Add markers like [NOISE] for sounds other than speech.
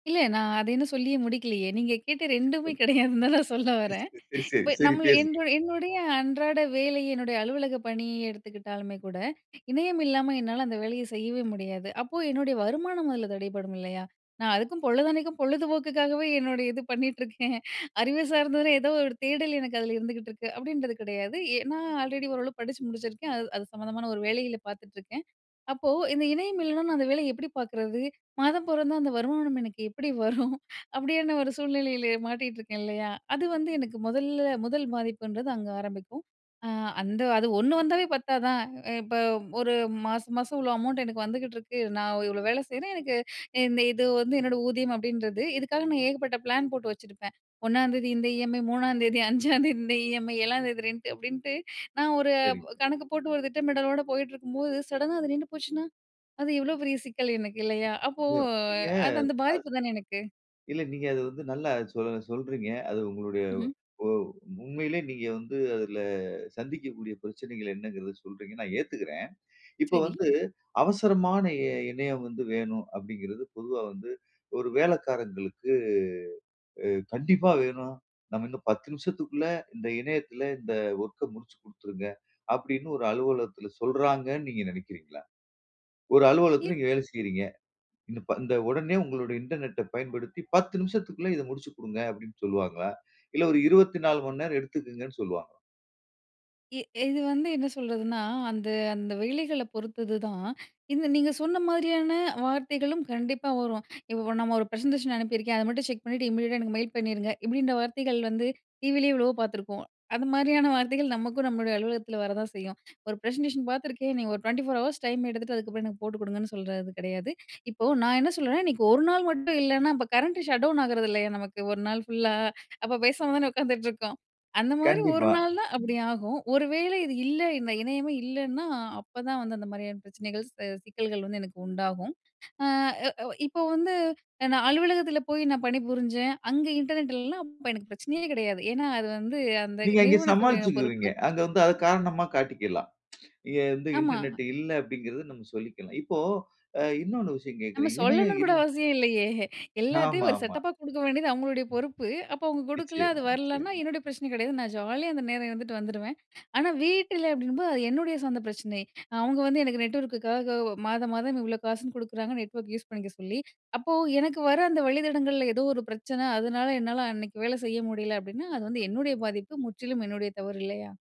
இல்ல நான் அத இன்னும் சொல்லியே முடிக்கலயே! நீங்க கேட்ட 2ம்மே கிடையாதுன்னு தான் நான் சொல்ல [UNINTELLIGIBLE] சரி, வரேன் சரி, சரி, சரி, இப்ப சரி நம்மள பேசுங்க. என்ரு என்னுடைய அன்றாட வேலை, என்னுடைய அலுவலக பணிய எடுத்துக்கிட்டாலுமே கூட, இணையம் இல்லாம என்னால அந்த வேலையை செய்யவே முடியாது. அப்போ என்னுடைய வருமானம் அதுல தடைபடும் இல்லயா! "நான் அதுக்கும் பொழுதன்னைக்கும் பொழுது போக்குக்காகவே என்னுடைய இது பண்ணிட்டுருக்கேன். அறிவு சார்ந்ததுன்னா ஏதோ ஒரு தேடல் எனக்கு அதுல இருந்துகிட்டுருக்கு" அப்பிடீன்றது கிடையாது. ஏன்னா ஆல்ரெடி ஓரளவு படிச்சு முடிச்சுருக்கேன். அது, அது சம்மந்தமான ஒரு வேலையில பார்த்துட்ருக்கேன். அப்போ, இந்த இணையம் இல்லன்னா நான் அந்த வேலைய எப்பிடி பார்க்கிறது? மாதம் பொறந்தா அந்த வருமானம் எனக்கு எப்பிடி வரும்? அப்பிடியான ஒரு சூழ்நிலையிலே மாட்டிட்டுருக்கேன் இல்லயா! அது வந்து எனக்கு மொதல்ல, முதல் பாதிப்புன்றது அங்க ஆரம்பிக்கும். அ அந்த அது 1 வந்தாவே பத்தாதா? அ இப்ப ஒரு மாச மாசம் இவ்ளோ அமௌண்ட் எனக்கு வந்துகிட்டிருக்கு. நான் இவ்ளோ வேலை செய்றேன். எனக்கு இந்த இது வந்து என்னோட ஊதியம் அப்பிடீன்றது. இதுக்காக நான் ஏகப்பட்ட பிளான் போட்டு வச்சுருப்பேன். "1ஆம் தேதி இந்த இஎம்ஐ, 3ஆம் தேதி, 5ஆம் தேதி இந்த இஎம்ஐ 7ஆம் தேதி ரென்ட்டு அப்பிடீன்ட்டு நான் ஒரு சரிங்க. கணக்கு போட்டு ஒரு திட்டமிடலோட போயிட்டுருக்கும்போது, சடனா, அது நின்னு போச்சுனா! அது எவ்ளோ பெரிய சிக்கல் எனக்கு இல்லயா! அப்போ [UNINTELLIGIBLE] நீங்க அது அந்த அது பாதிப்பு தான எனக்கு. இல்ல நீங்க அத வந்து நல்லா சொல் சொல்றீங்க. அது உங்களுடைய ம்ஹ்ம். ஒ உண்மையிலே நீங்க வந்து அதுல சந்திக்கக்கூடிய பிரச்சனைகள் என்னங்கிறத சொல்றீங்க. நான் ஏத்துக்கிறேன். இப்போ சரி. வந்து, "அவசரமான இ இணையம் வந்து வேணும்." அப்பிடீங்கிறது பொதுவா வந்து ஒரு வேலைக்காரங்களுக்கு, அ "கண்டிப்பா வேணும். நம்ம இன்னும் 10 நிமிஷத்துக்குள்ள இந்த இணையத்தில இந்த ஒர்க்க முடிச்சு குடுத்துருங்க." அப்பிடீன்னு ஒரு அலுவலகத்தில சொல்றாங்கன்னு நீங்க நெனைக்கிறீங்களா? ஒரு ஏன்? அலுவலகத்தில நீங்க வேலை செய்றீங்க. இன்ன இப்ப இந்த உடனே உங்களுடைய இன்டர்நெட்ட அ பயன்படுத்தி 10 நிமிஷத்துக்குள்ள இதை முடிச்சுக் குடுங்க." அப்பிடீன்னு சொல்லுவாங்களா? இல்ல ஒரு 24:00 மணி நேரம் எடுத்துக்குங்கன்னு சொல்லுவாங்களா? எ இது வந்து என்ன சொல்றதுன்னா அந்த, அந்த வேலைகள பொறுத்தது தான். இந்த நீங்க சொன்ன மாதிரியான வார்த்தைகளும் கண்டிப்பா வரும். "இப்ப நம்ம ஒரு பிரசன்டேஷன் அனுப்பியிருக்கேன். அத மட்டும் செக் பண்ணீட்டு இமிடியட்டா எனக்கு மெயில் பண்ணீருங்க." இப்பிடீன்ற வார்த்தைகள் வந்து டிவிலே எவ்வளவோ பார்த்துருப்போம். அந்த மாரியான வார்த்தைகள் நமக்கும் நம்மளுடைய அலுவலகத்தில வர தான் செய்யும். ஒரு ப்ரசன்டேஷன் பார்த்துருக்கேன். நீங்க ஒரு 24:00 ஹவர்ஸ் டைம் எடுத்துட்டு, அதுக்கப்பறம் எனக்கு போட்டு குடுங்கன்னு சொல்றது கிடையாது. இப்போ நான் என்ன சொல்றேன், இன்னக்கி ஒரு நாள் மட்டும் இல்லன்னா, அப்ப கரண்ட்டு ஷட் டவுன் ஆகிறதில்லையா! நமக்கு ஒரு நாள் ஃபுல்லா? அப்ப பேசாம தான உட்காந்துட்டுருக்கோம். அந்தமாரி ஒரு கண்டிப்பா. நாள் தான் அப்பிடி ஆகும். ஒரு வேளை இது இல்லை, இந்த இணையமே இல்லன்னா, அப்பதான் வந்து அந்த மாரியான பிரச்சனைகள்ஸ், சிக்கல்கள் வந்து எனக்கு உண்டாகும். அ, அ இப்ப வந்து நான் அலுவலகத்தில போய் நான் பணிபுரிஞ்சேன். அங்க இன்டர்நெட் இல்லன்னா அப்ப எனக்கு பிரச்சனையே கிடையாது. ஏன்னா அது வந்து அந்த நீங்க அங்க நிறுவனத்துடைய பொறுப்பு. சமாளிச்சுக்குவீங்க. அங்க வந்து அத காரணமா காட்டிக்கலாம் [TSK] இங்க வந்து, ஆமா. "இன்டர்நெட் இல்ல" அப்பிடீங்கிறத நம்ம சொல்லிக்கலாம். இப்போ அ இன்னொன்னு விஷயம் நம்ம கேட்கிறேன். இணையம் சொல்லணும்ன்னு கூட இல் அவசியம் இல்லயே! எல்லாத்தையும் ஒரு ஆமாமா. செட்டப்பா குடுக்க வேண்டியது அவுங்களுடைய பொறுப்பு. அப்ப அவுங்க கொடுக்கல, அது நிச்சயமா, வரலன்னா நிச்சயமா. என்னுடைய பிரச்சனை கிடையாது. நான் ஜாலியா அந்த நேரம் இருந்துட்டு வந்துருவேன். ஆனா வீட்டுல அப்பிடீங்கும்போது, அது என்னுடைய சொந்த பிரச்சனை. அவுங்க வந்து எனக்கு நெட்வொர்க்குக்காக மாதம், மாதம் இவ்ளோ காசுன்னு குடுக்குறாங்க, நெட்வொர்க் யூஸ் பண்ணிக்க சொல்லி. அப்போ, "எனக்கு வர அந்த வழித்தடங்கள்ல ஏதோ ஒரு பிரச்சனை, அதனால என்னால அன்னக்கி வேலை செய்ய முடியல." அப்பிடீன்னா அது வந்து என்னுடைய பாதிப்பு. முற்றிலும் என்னுடைய தவறு இல்லயா!